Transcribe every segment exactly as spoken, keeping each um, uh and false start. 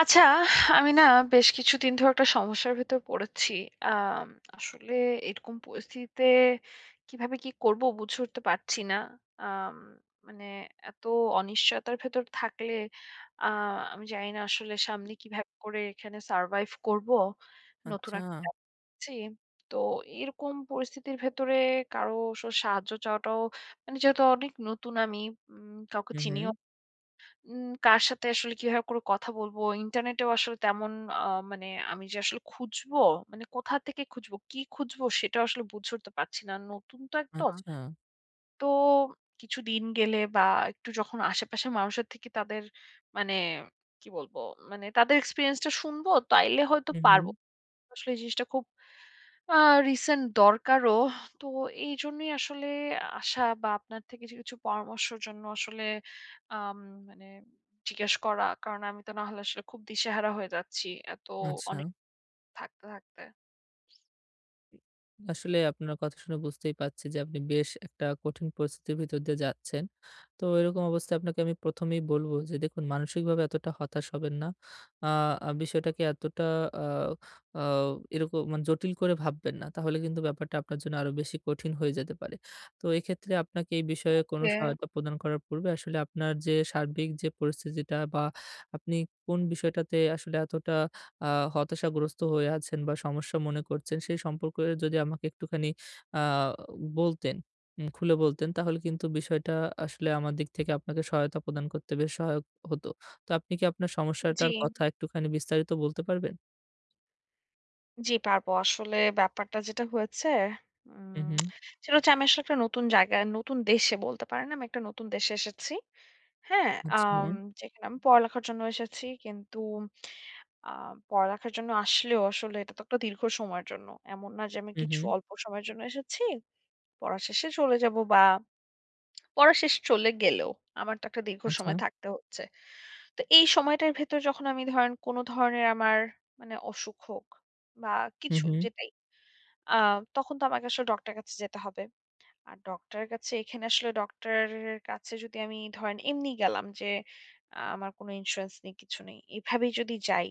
আচ্ছা, আমি না বেশ কিছুদিন ধরে একটা সমস্যার ভেতর পড়েছি। আম আসলে এরকম পরিস্থিতিতে কিভাবে কি করব বুঝে উঠতে পারছি না। আম মানে এত অনিশ্চয়তার ভেতর থাকলে আ আমি জানি না আসলে সামনে কিভাবে করে এখানে সারভাইভ করব নতুন আচ্ছা। একটা জ্বী, তো এরকম পরিস্থিতির ভেতরে কারো স সাহায্য চাওয়াটাও মানে যেহেতু অনেক নতুন আমি। উম কাউকে হু, চিনিও হু। উ কার সাথে আসলে কিভাবে করে কথা বলব? ইন্টারনেটেও আসলে তেমন আ মানে আমি যে আসলে খুঁজবো, মানে কোথা থেকে খুঁজবো, কী খুঁজবো? সেটাও আসলে বুঝে উঠতে পারছি না, নতুন তো একদম। আচ্ছা। তো কিছুদিন গেলে বা একটু যখন আশেপাশের মানুষের থেকে তাদের মানে কি বলবো, মানে তাদের এক্সপেরিয়েন্স টা শুনবো, তাইলে হয়তো হু, পারব। হু। আসলে এই জিনিসটা খুব আ রিসেন্ট দরকারও তো এইজন্যই আসলে আসা বা আপনার থেকে কিছু, কিছু পরামর্শের জন্য আসলে আম মানে জিজ্ঞেস করা। কারণ আমি তো নাহলে আসলে খুব দিশেহারা হয়ে যাচ্ছি। এত অনেক আচ্ছা। থাকতে, থাকতে। আসলে আপনার কথা শুনে বুঝতেই পারছি যে আপনি বেশ একটা কঠিন পরিস্থিতির ভিতর দিয়ে যাচ্ছেন। তো এরকম অবস্থায় আপনাকে আমি প্রথমেই বলব যে দেখুন মানসিকভাবে এতটা হতাশ হবেন না। আ বিষয়টাকে এতটা। আ আ এরকম মানে জটিল করে ভাববেন না। তাহলে কিন্তু ব্যাপারটা আপনার জন্য আরো বেশি কঠিন হয়ে যেতে পারে। তো এক্ষেত্রে আপনাকে এই বিষয়ে কোন ওকে। সহায়তা প্রদান করার পূর্বে আসলে আপনার যে সার্বিক যে পরিস্থিতিটা বা আপনি কোন বিষয়টাতে আসলে এতটা আ হতাশাগ্রস্ত হয়ে আছেন বা সমস্যা মনে করছেন সেই সম্পর্কে যদি আমাকে একটুখানি আ বলতেন, উ খুলে বলতেন তাহলে কিন্তু বিষয়টা আসলে আমার দিক থেকে আপনাকে সহায়তা প্রদান করতে বেশ সহায়ক হত। তো আপনি কি আপনার জ্বী। সমস্যাটার কথা একটুখানি বিস্তারিত বলতে পারবেন? জ্বি পারবো। আসলে ব্যাপারটা যেটা হয়েছে। হুম, উম হুম। সেটা হচ্ছে আমি আসলে একটা নতুন জায়গায় নতুন দেশে বলতে পারেন। আমি একটা নতুন দেশে এসেছি। হ্যাঁ, আম আচ্ছা। যেখানে আমি পড়ালেখার জন্য এসেছি। কিন্তু আ পড়ালেখার জন্য আসলেও আসলে এটা তো একটা দীর্ঘ সময়ের জন্য। এমন না যে আমি হু, কিছু হু। অল্প সময়ের জন্য এসেছি। পড়ার শেষে চলে যাবো বা পড়া শেষে চলে গেলেও আমার তো একটা দীর্ঘ আচ্ছা। সময় থাকতে হচ্ছে। তো এই সময়টার ভেতরে যখন আমি ধরেন কোন ধরনের আমার মানে অসুখ হোক বা হুম, কিছু হুম। যেটাই। আ তখন তো আমাকে আসলে ডক্টর এর কাছে যেতে হবে। আর ডক্টর এর কাছে এখানে আসলে ডক্টর এর কাছে যদি আমি ধরেন এমনি গেলাম যে আ আমার কোনো ইন্সুরেন্স নেই কিছু নেই। এভাবেই যদি যাই,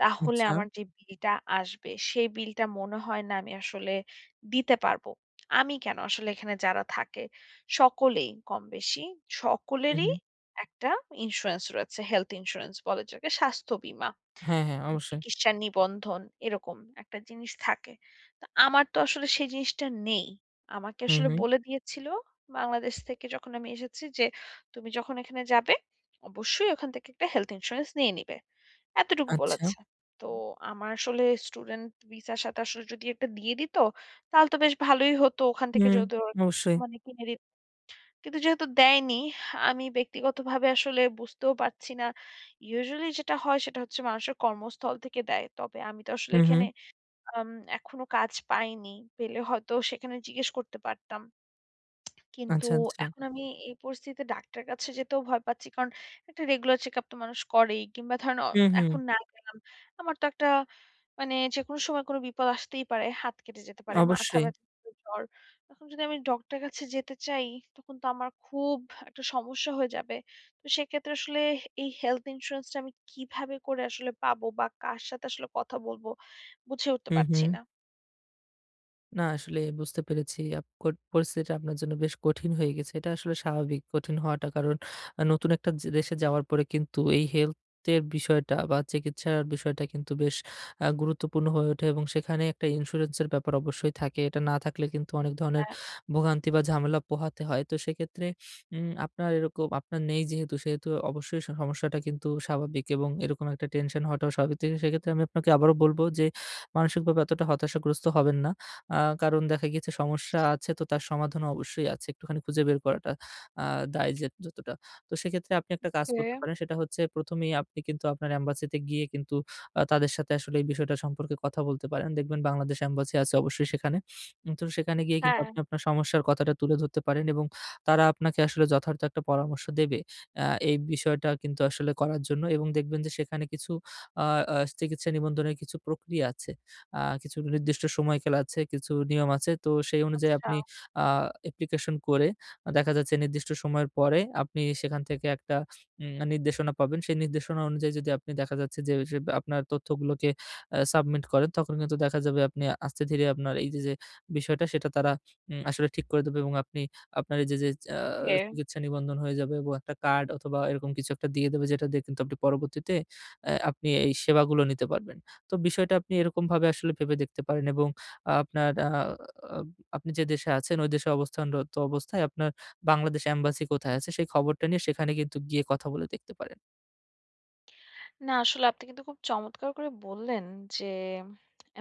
তাহলে আচ্ছা। আমার যে বিল টা আসবে, সেই বিলটা মনে হয় না আমি আসলে দিতে পারব। আমি কেন? আসলে এখানে যারা থাকে, সকলেই কমবেশি হু, সকলেরই হু। একটা ইন্সুরেন্স রয়েছে। হেলথ ইন্সুরেন্স বলা যায়। স্বাস্থ্য বীমা, হ্যাঁ, হ্যাঁ অবশ্যই। চিকিৎসা নিবন্ধন এরকম একটা জিনিস থাকে। তো আমার তো আসলে সেই জিনিসটা নেই। আমাকে হুম, আসলে হুম। বলে দিয়েছিল বাংলাদেশ থেকে যখন আমি এসেছি যে, তুমি যখন এখানে যাবে অবশ্যই ওখান থেকে একটা হেলথ ইন্সুরেন্স নিয়ে নিবে। এতটুকু আচ্ছা। বলেছে। তো আমার আসলে স্টুডেন্ট ভিসা সাথে আসলে যদি একটা দিয়ে দিত, তাহলে তো বেশ ভালোই হতো ওখান থেকে হুম, যদিও অবশ্যই। মানে কিনে দিত কিন্তু যেহেতু দেয়নি, আমি ব্যক্তিগতভাবে আসলে বুঝতেও পারছি না। ইউজুয়ালি যেটা হয় সেটা হচ্ছে মানুষের কর্মস্থল থেকে দেয়। তবে আমি তো আসলে হুম, এখানে। হুম। এ্যাম এখনো কাজ পাইনি। পেলে হয়তো সেখানে জিজ্ঞেস করতে পারতাম। কিন্তু আচ্ছা, আচ্ছা। এখন আমি এই পরিস্থিতিতে ডাক্তারের কাছে যেতেও ভয় পাচ্ছি। কারণ একটা রেগুলার চেক আপ তো মানুষ করেই কিংবা ধরেন অ হুম, হুম। এখন না গেলাম। আমার তো একটা মানে যেকোনো সময় কোন বিপদ আসতেই পারে, হাত কেটে যেতে পারে। মাথা অবশ্যই। ব্যাথা জ্বর। এখন যদি আমি ডক্টর এর কাছে যেতে চাই তখন তো আমার খুব একটা সমস্যা হয়ে যাবে। তো সেক্ষেত্রে আসলে এই হেলথ ইন্সুরেন্স টা আমি কিভাবে করে আসলে পাবো বা কার সাথে আসলে কথা বলব বুঝে উঠতে হু, পারছি হু। না। না আসলে বুঝতে পেরেছি। আপ কট পরিস্থিতিটা আপনার জন্য বেশ কঠিন হয়ে গেছে। এটা আসলে স্বাভাবিক কঠিন হওয়াটা, কারণ নতুন একটা য দেশে যাওয়ার পরে কিন্তু এই হেলথের বিষয়টা বা চিকিৎসার বিষয়টা কিন্তু বেশ আ গুরুত্বপূর্ণ হয়ে ওঠে এবং সেখানে একটা ইন্সুরেন্সের ব্যাপার অবশ্যই থাকে। এটা না থাকলে কিন্তু অনেক ধরনের হাঁ। ভোগান্তি বা ঝামেলা পোহাতে হয়। তো সেক্ষেত্রে উম আপনার এরকম, আপনার নেই যেহেতু, সেহেতু অবশ্যই সমস্যাটা কিন্তু স্বাভাবিক এবং এরকম একটা টেনশন হওয়াটাও স্বাভাবিক। তো সেক্ষেত্রে আমি আপনাকে আবারো বলবো, যে মানসিকভাবে এতটা হতাশাগ্রস্ত হবেন না। আ কারণ দেখা গেছে সমস্যা আছে, তো তার সমাধানও অবশ্যই আছে, একটুখানি খুঁজে বের করাটা আ দায় যে যতটা। তো সেক্ষেত্রে আপনি একটা কাজ করতে ওকে। পারেন, সেটা হচ্ছে প্রথমেই আপনি কিন্তু আপনার এম্বাসিতে গিয়ে কিন্তু আ তাদের সাথে আসলে এই বিষয়টা সম্পর্কে কথা বলতে পারেন। দেখবেন বাংলাদেশ এম্বাসি আছে অবশ্যই সেখানে। তো সেখানে গিয়ে কিন্তু হ্যাঁ। আপনি আপনার সমস্যার কথাটা তুলে ধরতে পারেন এবং তারা আপনাকে আসলে যথার্থ একটা পরামর্শ দেবে। অ্যা এই বিষয়টা কিন্তু আসলে করার জন্য এবং দেখবেন যে সেখানে কিছু আ আ চিকিৎসা নিবন্ধনের কিছু প্রক্রিয়া আছে, আ কিছু নির্দিষ্ট সময়কাল আছে, কিছু নিয়ম আছে। তো সেই অনুযায়ী আচ্ছা। আপনি আ অ্যাপ্লিকেশন করে দেখা যাচ্ছে নির্দিষ্ট সময়ের পরে, আপনি সেখান থেকে একটা উম নির্দেশনা পাবেন। সেই নির্দেশনা অনুযায়ী যদি আপনি দেখা যাচ্ছে যে, ওইযে আপনার তথ্যগুলোকে আ সাবমিট করেন, তখন কিন্তু দেখা যাবে আপনি আস্তে ধীরে আপনার এইযে যে বিষয়টা সেটা তারা উম আসলে ঠিক করে দেবে এবং আপনি আপনার এইযে যে আ ওকে। চিকিৎসা নিবন্ধন হয়ে যাবে এবং একটা কার্ড অথবা এরকম কিছু একটা দিয়ে দেবে। যেটা দিয়ে কিন্তু আপনি পরবর্তীতে এ আপনি এই সেবাগুলো নিতে পারবেন। তো বিষয়টা আপনি এরকমভাবে আসলে ভেবে দেখতে পারেন এবং আপনার আ আপনি যে দেশে আছেন, ঐ দেশে অবস্থানরত অবস্থায় আপনার বাংলাদেশ এম্বাসি কোথায় আছে? সেই খবরটা নিয়ে সেখানে কিন্তু গিয়ে কথা বলে দেখতে পারেন। না আসলে আপনি কিন্তু খুব চমৎকার করে বললেন যে,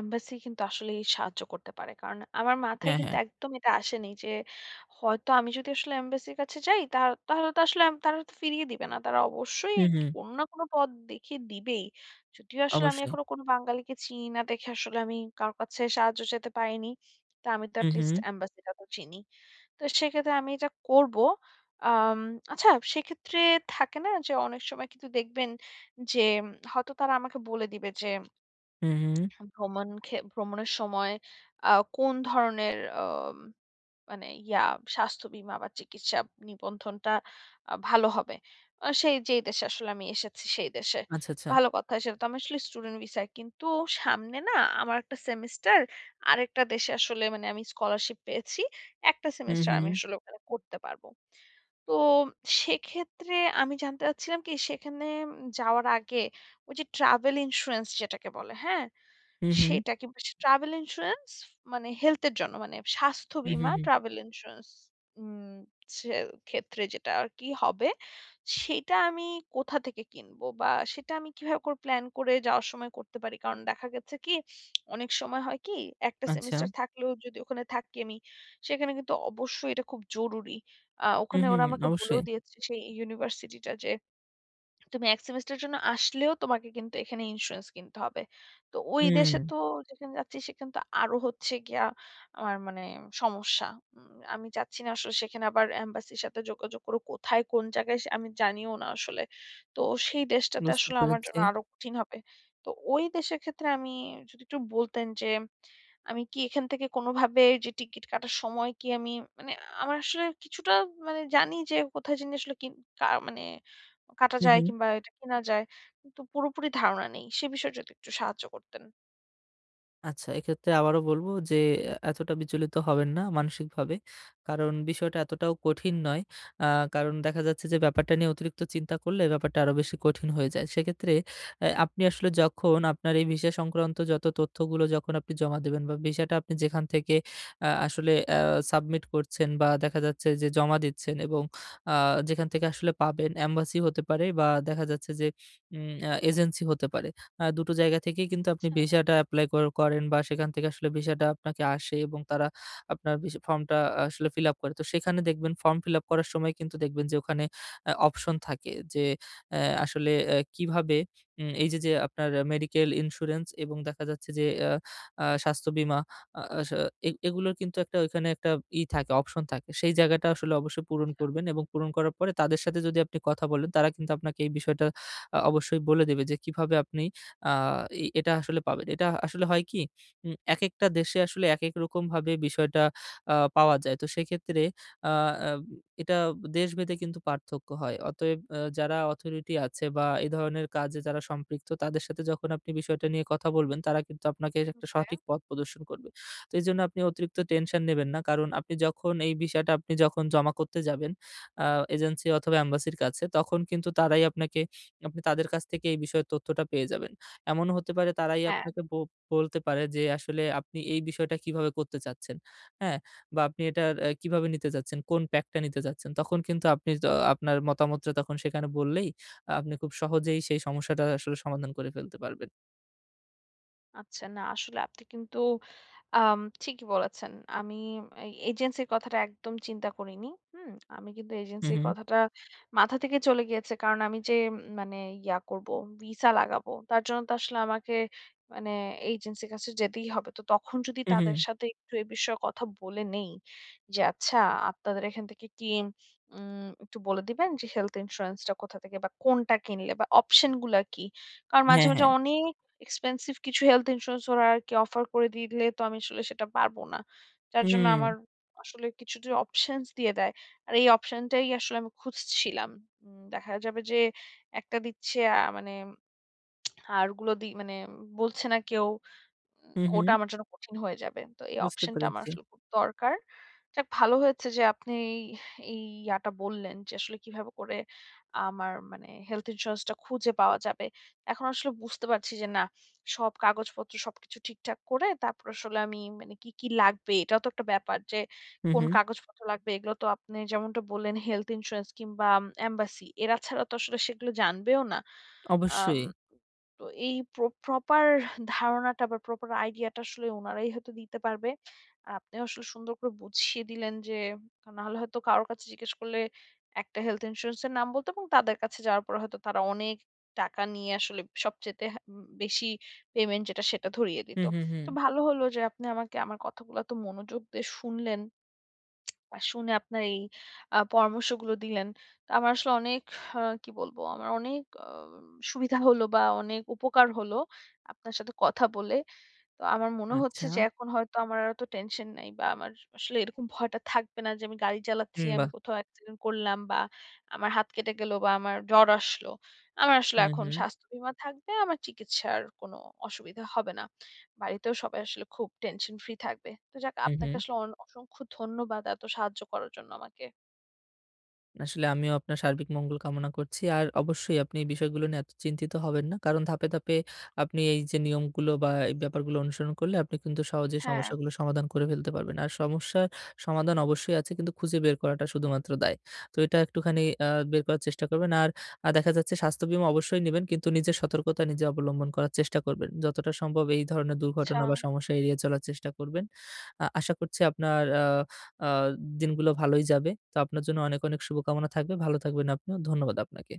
এম্বাসি কিন্তু আসলেই সাহায্য করতে পারে। কারণ আমার মাথায় হ্যাঁ, কিন্তু হ্যাঁ। একদম এটা আসেনি যে, হয়তো আমি যদি আসলে এম্বাসির কাছে যাই তা তাহলে তো আসলে আম তারা ফিরিয়ে দিবে না। তারা অবশ্যই হম, হম। কোন না কোন পথ দেখিয়ে দিবেই। যদিও আসলে আমি অবশ্যই। এখনো কোন বাঙালিকে চিনি না দেখে আসলে আমি কারো কাছে সাহায্য চাইতে পারিনি। তো আমি তো হম, হম। এটলিস্ট এম্বাসি টা তো চিনি। তো সেক্ষেত্রে আমি এটা করবো। আম আচ্ছা সেক্ষেত্রে থাকে না যে অনেক সময় কিন্তু দেখবেন যে, হয়তো তারা আমাকে বলে দিবে যে হম, হম। ভ্রমণ খে ভ্রমণের সময় আ কোন ধরনের আম মানে ইয়া স্বাস্থ্য বীমা বা চিকিৎসা নিবন্ধনটা আ ভালো হবে। আর সেই যেই দেশে আসলে আমি এসেছি সেই দেশে। আচ্ছা, আচ্ছা। ভালো কথা সেটা তো আমি আসলে স্টুডেন্ট ভিসায়। কিন্তু সামনে না আমার একটা সেমিস্টার আরেকটা দেশে আসলে মানে আমি স্কলারশিপ পেয়েছি। একটা হু, সেমিস্টার আমি হু। আসলে ওখানে করতে পারব। তো সেক্ষেত্রে আমি জানতে চাচ্ছিলাম কি সেখানে যাওয়ার আগে ওই যে ট্রাভেল ইন্সুরেন্স যেটাকে বলে। হ্যাঁ। হু, হু। সেটা কিন্তু ট্রাভেল ইন্সুরেন্স মানে হেলথ এর জন্য মানে স্বাস্থ্য হম, বীমা হম, হম। ট্রাভেল ইন্সুরেন্স উ সেক্ষেত্রে যেটা আর কি হবে সেটা আমি কোথা থেকে কিনবো বা সেটা আমি কিভাবে প্লান করে যাওয়ার সময় করতে পারি? কারণ দেখা গেছে কি অনেক সময় হয় কি একটা আচ্ছা। সেমিস্টার থাকলেও যদি ওখানে থাকি আমি সেখানে কিন্তু অবশ্যই এটা খুব জরুরি। আ হু, ওখানে হু, ওরা আমাকে বলেও অবশ্যই। দিয়েছে সেই ইউনিভার্সিটি টা যে তুমি এক সেমিস্টার এর জন্য আসলেও তোমাকে কিন্তু এখানে ইন্সুরেন্স কিনতে হবে। তো ওই হু, দেশে হম। তো যেখানে যাচ্ছি সেখানে তো আরো হচ্ছে গিয়া আমার মানে সমস্যা। উ আমি যাচ্ছি না আসলে সেখানে আবার এম্বাসির সাথে যোগাযোগ করে কোথায় কোন জায়গায় আমি জানিও না আসলে। তো সেই দেশটাতে বুঝতে আসলে আমার পেরেছি। জন্য আরো কঠিন হবে। তো ওই দেশের ক্ষেত্রে আমি যদি একটু বলতেন যে আমি কি এখান থেকে কোনভাবে যে টিকিট কাটার সময় কি আমি মানে আমার আসলে কিছুটা মানে জানি যে কোথায় জিনি আসলে কি, কা মানে কাটা হু, যায় হু। কিংবা এটা কিনা যায় কিন্তু পুরোপুরি ধারণা নেই। সে বিষয়ে যদি একটু সাহায্য করতেন। আচ্ছা এক্ষেত্রে আবারো বলবো, যে এ এতটা বিচলিত হবেন না মানসিকভাবে। কারণ বিষয়টা এতটাও কঠিন নয়। আ কারণ দেখা যাচ্ছে যে ব্যাপারটা নিয়ে অতিরিক্ত চিন্তা করলে ব্যাপারটা আরো বেশি কঠিন হয়ে যায়। সেক্ষেত্রে আ আপনি আসলে যখন আপনার এই VISA সংক্রান্ত যত তথ্যগুলো, যখন আপনি জমা দিবেন বা VISA-টা আপনি যেখান থেকে আ আসলে আ submit করছেন বা দেখা যাচ্ছে যে জমা দিচ্ছেন এবং আ যেখান থেকে আসলে পাবেন। embassy হতে পারে বা দেখা যাচ্ছে যে আম এ এজেন্সি হতে পারে। আ দুটো জায়গা থেকেই কিন্তু আপনি আচ্ছা! VISA-টা এপ্লাই কর করেন বা সেখান থেকে আসলে VISA-টা আপনাকে আসে এবং তারা আপনার VISA ফর্মটা আসলে fill up করে। তো সেখানে দেখবেন ফর্ম fill up করার সময় কিন্তু দেখবেন যে ওখানে আ option থাকে। যে আ আসলে এ কিভাবে আম এই যে যে আপনার medical insurance এবং দেখা যাচ্ছে যে আ স্বাস্থ্য বীমা আ আসা এ এগুলোর কিন্তু একটা ঐখানে একটা ইয়ে থাকে, option থাকে। সেই জায়গাটা আসলে অবশ্যই পূরণ আচ্ছা। করবেন এবং পূরণ করার পরে তাদের সাথে যদি আপনি কথা বলেন। তারা কিন্তু আপনাকে এই বিষয়টা আ অবশ্যই বলে দেবে যে কিভাবে আপনি আ এই এটা আসলে পাবেন। এটা আসলে হয় কি? আম একেকটা দেশে আসলে একেক রকমভাবে বিষয়টা আ পাওয়া যায়। তো সেক্ষেত্রে আ এটা দেশভেদে কিন্তু পার্থক্য হয়। অতএব আ যারা authority আছে বা এ ধরনের কাজে যারা সম্পৃক্ত। তাদের সাথে যখন আপনি বিষয়টা নিয়ে কথা বলবেন, তারা কিন্তু আপনাকে এর একটা okay? সঠিক পথ প্রদর্শন করবে। তো এজন্য আপনি অতিরিক্ত টেনশন নেবেন না। কারণ আপনি যখন এই বিষয়টা আপনি যখন জমা করতে যাবেন আ agency অথবা embassy -র কাছে। তখন কিন্তু তারাই আপনাকে, আপনি তাদের কাছ থেকে এই বিষয়ে তথ্যটা পেয়ে যাবেন। এমনও হতে পারে তারাই হ্যাঁ। আপনাকে বো বলতে পারে, যে আসলে আপনি এই বিষয়টা কিভাবে করতে চাচ্ছেন? হ্যাঁ? বা আপনি এটা আ কিভাবে নিতে চাচ্ছেন, কোন pack টা নিতে চাচ্ছেন? তখন কিন্তু আপনি তো আপনার মতামতটা তখন সেখানে বললেই, আপনি খুব সহজেই সেই সমস্যাটা আসলে সমাধান করে ফেলতে পারবেন। আচ্ছা। না। আসলে আপনি কিন্তু আম ঠিকই বলেছেন। আমি এই এজেন্সির কথাটা একদম চিন্তা করিনি। হুম? আমি কিন্তু হু, এজেন্সির হু। কথাটা মাথা থেকে চলে গিয়েছে। কারণ আমি যে মানে ইয়া করবো, ভিসা লাগাবো। তার জন্য তো আসলে আমাকে মানে এজেন্সির কাছে যেতেই হবে। তো তখন যদি হু, তাদের হু। সাথে একটু এ বিষয়ে কথা বলে নেই, যে আচ্ছা আপনাদের এখান থেকে কি উম একটু বলে দিবেন, যে হেলথ ইন্সুরেন্স টা কোথা থেকে বা কোনটা কিনলে বা অপশন গুলা কি? কারণ মাঝে, হ্যাঁ, হ্যাঁ। মাঝে অনেক এক্সপেনসিভ কিছু হেলথ ইন্সুরেন্স ওরা আরকি অফার করে দিলে তো আমি আসলে সেটা পারব না। যার জন্য আমার হুম। আসলে কিছুটা অপশনস দিয়ে দেয়। আর এই অপশন টাই আসলে আমি খুঁজছিলাম। উম দেখা যাবে যে একটা দিচ্ছে অ্যা মানে আর ওগুলো দি মানে বলছে না কেউ। উম হু, ওটা হু। আমার জন্য কঠিন হয়ে যাবে। তো এই বুঝতে অপশন টা আমার পেরেছি। আসলে খুব দরকার। যাক ভালো হয়েছে যে আপনি এই ইয়াটা বললেন যে, আসলে কিভাবে করে আমার মানে হেলথ ইন্সুরেন্স টা খুঁজে পাওয়া যাবে। এখন আসলে বুঝতে পারছি যে না, সব কাগজপত্র সবকিছু ঠিকঠাক করে তারপর আসলে আমি মানে কী, কী লাগবে, এটাও তো একটা ব্যাপার। যে হু, কোন হু। কাগজপত্র লাগবে। এগুলো তো আপনি যেমনটা বললেন। হেলথ ইন্সুরেন্স কিংবা এমবাসি এরা ছাড়া তো আসলে সেগুলো জানবেও না। আম অবশ্যই। তো এই প্র প্রপার ধারণাটা বা প্রপার আইডিয়া টা আসলে উনারাই হয়তো দিতে পারবে। আপনিও আসলে সুন্দর করে বুঝিয়ে দিলেন যে, নাহলে হয়তো কারো কাছে জিজ্ঞেস করলে একটা হেলথ ইন্সুরেন্স এর নাম বলতো এবং তাদের কাছে যাওয়ার পরে হয়তো তারা অনেক টাকা নিয়ে আসলে হুম সবচাইতে বেশি পেমেন্ট যেটা সেটা ধরিয়ে হু, দিত। হু, তো হু। ভালো হলো যে আপনি আমাকে আমার কথাগুলো এত মনোযোগ দিয়ে শুনলেন। আর শুনে আপনার এই আ পরামর্শগুলো দিলেন। তো আমার আসলে অনেক, আ কি বলব, আমার অনেক অ সুবিধা হল বা অনেক উপকার হলো, আপনার সাথে কথা বলে। তো আমার মনে হচ্ছে আচ্ছা। যে এখন হয়তো আমার এত টেনশন নাই। বা আমার আসলে এরকম ভয়টা থাকবে না যে, আমি গাড়ি হু, চালাচ্ছি, আমি বাহ! কোথাও অ্যাক্সিডেন্ট করলাম বা আমার হাত কেটে গেল বা আমার জ্বর আসলো। আমার আসলে হু, এখন হু। স্বাস্থ্য বীমা থাকবে। আমার চিকিৎসার কোন অসুবিধা হবে না। বাড়িতেও সবাই আসলে খুব টেনশন ফ্রি থাকবে। তো যাক হু, আপনাকে হু। আসলে অন অসংখ্য ধন্যবাদ এত সাহায্য করার জন্য আমাকে। আসলে আমিও আপনার সার্বিক মঙ্গল কামনা করছি। আর অবশ্যই আপনি এই বিষয়গুলো নিয়ে এত চিন্তিত হবেন না। কারণ ধাপে, ধাপে আপনি এই যে নিয়মগুলো বা এই ব্যাপারগুলো অনুসরণ করলে আপনি কিন্তু সহজেই হ্যাঁ। সমস্যাগুলো সমাধান করে ফেলতে পারবেন। আর সমস্যার সমাধান অবশ্যই আছে কিন্তু খুঁজে বের করাটা শুধুমাত্র দায়। তো এটা একটুখানি আ বের করার চেষ্টা করবেন। আর আ দেখা যাচ্ছে স্বাস্থ্য বীমা অবশ্যই নিবেন। কিন্তু নিজের সতর্কতা নিজে অবলম্বন করার চেষ্টা করবেন। যতটা সম্ভব এই ধরনের আচ্ছা। দুর্ঘটনা বা সমস্যা এড়িয়ে চলার চেষ্টা করবেন। আ আশা করছি আপনার আ আ দিনগুলো ভালোই যাবে। তো আপনার জন্য অনেক, অনেক শুভকামনা থাকবে। ভালো থাকবেন আপনিও। ধন্যবাদ আপনাকে।